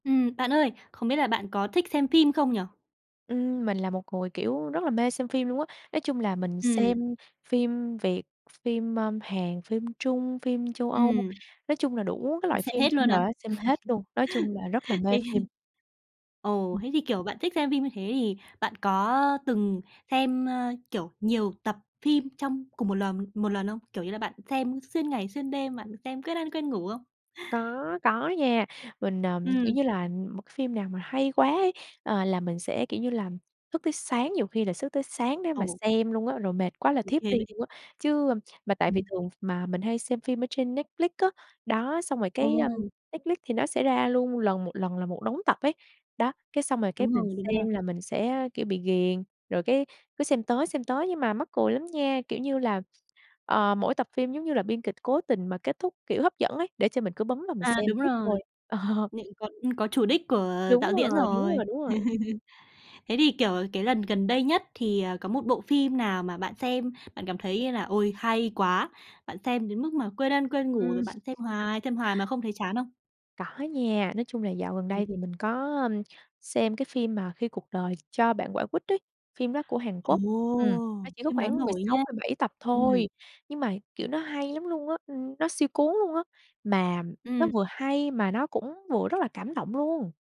Ừm, bạn ơi! Không biết là bạn có thích xem phim không nhỉ? Ừm, mình là một người, kiểu, rất là mê xem phim luôn á, nói chung là mình xem Ừm. phim Việt, phim, ơ, Hàn, phim Trung, phim Châu Âu, Ừm. nói chung là đủ cái loại Xem phim hết trên luôn à? đời á, xem hết luôn, nói chung là rất là mê Thế phim. thì, ờ, Ừm. thế thì, kiểu, bạn thích xem phim như thế thì bạn có, ơ, từng xem, ơ, kiểu, nhiều tập phim trong cùng một lờm một lần không? Kiểu như là bạn xem xuyên ngày xuyên đêm, bạn tem quên ăn, quên ngủ không? Có, có nha. Mình, ờ, kiểu Ừm. như là, ừm, một cái phim nào mà hay quá ấy, à, là mình sẽ, kiểu như là, thức tới sáng, nhiều khi là sức tới sáng để mà Ồ. xem luôn á, rồi mệt quá là Ô thiếp kê đi đấy. luôn á, chứ, a mà tại vì Ừm. thường mà mình hay xem phim ở trên Netflix á, đó, xong rồi cái, a, Ồ! Netflix thì nó sẽ ra luôn lần một lần là một đống tập ấy. Đó, cái xong rồi cái Đúng mình rồi, đúng rồi. xem là mình sẽ, kiểu, bị ghiền, rồi cái cứ xem tới, xem tới nhưng mà mắc cười lắm nha, kiểu như là, ờ, mỗi tập phim, giống như là, biên kịch cố tình mà kết thúc, kiểu, hấp dẫn ấy để cho mình cứ bấm vào mình À, xem đúng tiếp rồi. thôi. Ờ. Nịnh còn ưm, có chủ đích của đạo Đúng diễn rồi, đúng rồi. rồi, đúng rồi. Thế thì, kiểu, cái lần gần đây nhất thì, à, có một bộ phim nào mà bạn xem bạn cảm thấy là "Ôi, hay quá!", bạn xem đến mức mà quên ăn, quên ngủ, Ừm. rồi bạn xem hoài, xem hoài mà không thấy chán không? Có nha. Nói chung là dạo gần Ừm. đây thì mình có, ưm, xem cái phim mà Khi cuộc đời cho bạn quả quýt ấy, phim đó của Hàn Ồ! Quốc. Ừm, nó chỉ có Phim đó khoảng mười nổi sáu nha. mười bảy tập thôi, Ừm. nhưng mà, kiểu, nó hay lắm luôn á! Ừm, nó siêu cuốn luôn á, mà nó Ừm. vừa hay mà nó cũng vừa rất là cảm động luôn!